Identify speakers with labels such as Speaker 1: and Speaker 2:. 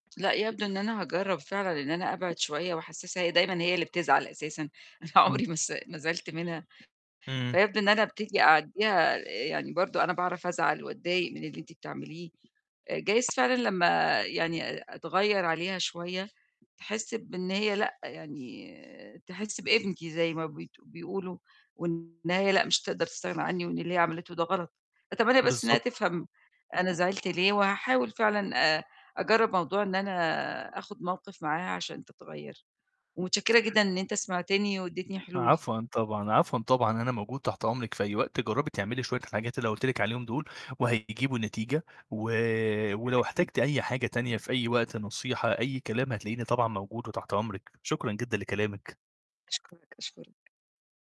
Speaker 1: لأ، يبدو إن أنا هاجرب فعلًا إن أنا أبعِد شوية وأحسسها هي دايمًا هي اللي بتزعل أساسًا، أنا
Speaker 2: إمم.
Speaker 1: عُمري ما ما زعلت منها،
Speaker 2: إمم.
Speaker 1: فيبدو إن أنا أبتدي أعديها، يعني برضه أنا باعرف أزعل وأضايق من اللي أنتِ بتعمليه، جايز فعلًا لمّا يعني أ أتغيّر عليها شوية، تحِسّ بإن هي لأ، يعني تحِسّ بقيمتي زي ما بت بيقولوا، وإن هي لأ، مش هتقدر تستغنى عني، وإن اللي هي عملته ده غلط، أتمنى بس إنها
Speaker 2: بالضبط.
Speaker 1: تفهم أنا زعلت ليه، وهاحاول فعلًا آآ أجرب موضوع إن أنا آآ أخُد موقف معاها عشان تتغير، ومتشكرة جدًا إن أنت سمعتني وأديتني حلول.
Speaker 2: عفواً طبعًا، عفواً طبعًا، أنا موجود تحت أمرِك في أي وقت، جربي تعملي شوية الحاجات اللي أنا قولت لك عليهم دول وهيجيبوا نتيجة، و ولو
Speaker 1: أكيد.
Speaker 2: احتاجتي أي حاجة تانية في أي وقت، نصيحة أي كلام هتلاقيني طبعًا موجود وتحت أمرِك، شكرًا جدًا لكلامِك.
Speaker 1: أشكرك، أشكرك.